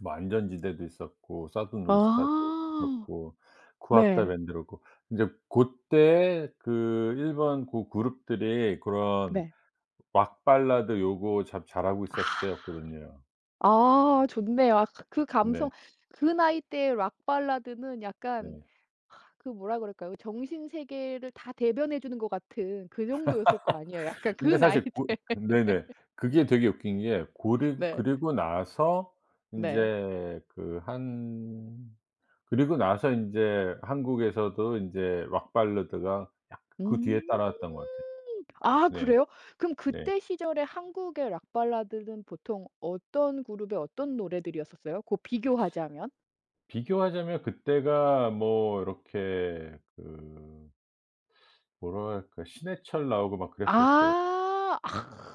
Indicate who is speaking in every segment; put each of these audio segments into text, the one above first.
Speaker 1: 뭐 안전지대도 있었고 Southern All Stars도
Speaker 2: 아.
Speaker 1: 있었고 KUWATA
Speaker 2: 네.
Speaker 1: BAND도 그렇고 이제 고때에 그 일본 고 룹들이 그런
Speaker 2: 네.
Speaker 1: 락 발라드 요거 참 잘하고
Speaker 2: 아.
Speaker 1: 있었을 때였거든요.
Speaker 2: 아 좋네요. 그
Speaker 1: 네.
Speaker 2: 감성 그 나이 때에 락 발라드는 약간
Speaker 1: 네.
Speaker 2: 아 그 뭐라 그럴까요? 정신세계를 다 대변해 주는 것 같은 그 정도였을 거 아니에요. 약간 그
Speaker 1: 근데
Speaker 2: 나이
Speaker 1: 사실 고
Speaker 2: 때. 네.
Speaker 1: 네네 그게 되게 웃긴 게 고르
Speaker 2: 네.
Speaker 1: 그리고 나서
Speaker 2: 네.
Speaker 1: 이제 그 한 그리고 나서 인제 한국에서도 인제 락 발라드가 약간 그
Speaker 2: 음.
Speaker 1: 뒤에 따라왔던 것 같아요.
Speaker 2: 아
Speaker 1: 네.
Speaker 2: 그래요? 그럼
Speaker 1: 네.
Speaker 2: 그때 시절에 한국의 락 발라드는 보통 어떤 그룹의 어떤 노래들이었었어요, 그 비교하자면?
Speaker 1: 비교하자면 그 때가 뭐 이렇게 그 뭐라고 해야 할까. 신해철 나오고 막 그랬었을 때.
Speaker 2: 아.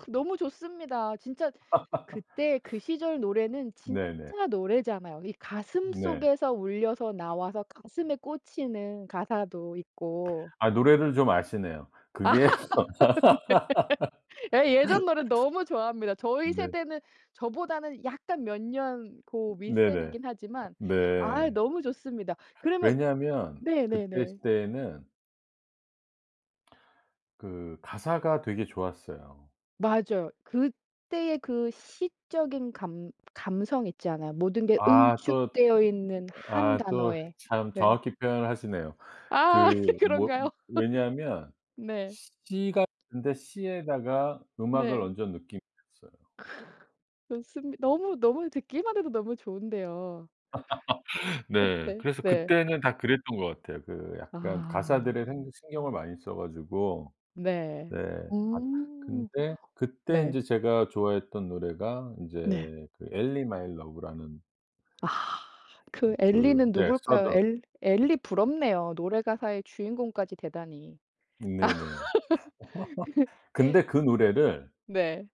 Speaker 2: 너무 좋습니다. 진짜 그때 그 시절 노래는
Speaker 1: 네네.
Speaker 2: 진짜 노래잖아요. 이
Speaker 1: 네.
Speaker 2: 가슴속에서 울려서 나와서 가슴에 꽂히는 가사도 있고
Speaker 1: 아 노래를 좀 아시네요. 그게
Speaker 2: 네. 예 예전 노래 너무 좋아합니다. 저희
Speaker 1: 네.
Speaker 2: 세대는 저보다는 약간 몇 년 그
Speaker 1: 네네.
Speaker 2: 윗세대긴
Speaker 1: 아
Speaker 2: 하지만 아
Speaker 1: 네.
Speaker 2: 너무 좋습니다. 그러면
Speaker 1: 왜냐하면 그때
Speaker 2: 네네네.
Speaker 1: 시대에는 그 가사가 되게 좋았어요.
Speaker 2: 맞아요. 그때의 그 시적인 감 감성 있잖아요. 모든 게
Speaker 1: 아 또
Speaker 2: 응축되어 있는 1
Speaker 1: 아 또
Speaker 2: 단어의.
Speaker 1: 참
Speaker 2: 네.
Speaker 1: 정확히 표현을 하시네요.
Speaker 2: 아
Speaker 1: 그 뭐
Speaker 2: 그런가요?
Speaker 1: 왜냐면
Speaker 2: 네.
Speaker 1: 시 같은데 시에다가 음악을
Speaker 2: 네.
Speaker 1: 얹은 느낌이었어요.
Speaker 2: 좋습니 너무, 너무 듣기만 해도 너무 좋은데요.
Speaker 1: 네.
Speaker 2: 그때
Speaker 1: 그래서
Speaker 2: 네.
Speaker 1: 그때는 다 그랬던 것 같아요. 그 약간
Speaker 2: 아.
Speaker 1: 가사들에 행 신경을 많이 써 가지고.
Speaker 2: 네.
Speaker 1: 네. 아
Speaker 2: 음
Speaker 1: 근데 그때
Speaker 2: 네.
Speaker 1: 인제 제가 좋아했던 노래가
Speaker 2: 네.
Speaker 1: 인제 그 Ellie My Love라는
Speaker 2: 아. 그
Speaker 1: 음 그
Speaker 2: 엘리는
Speaker 1: 예
Speaker 2: 누굴까요?
Speaker 1: Southern.
Speaker 2: 엘 엘리 부럽네요. 노래 가사의 주인공까지 대단히.
Speaker 1: 네네. 근데
Speaker 2: 그
Speaker 1: 그 노래를
Speaker 2: 네.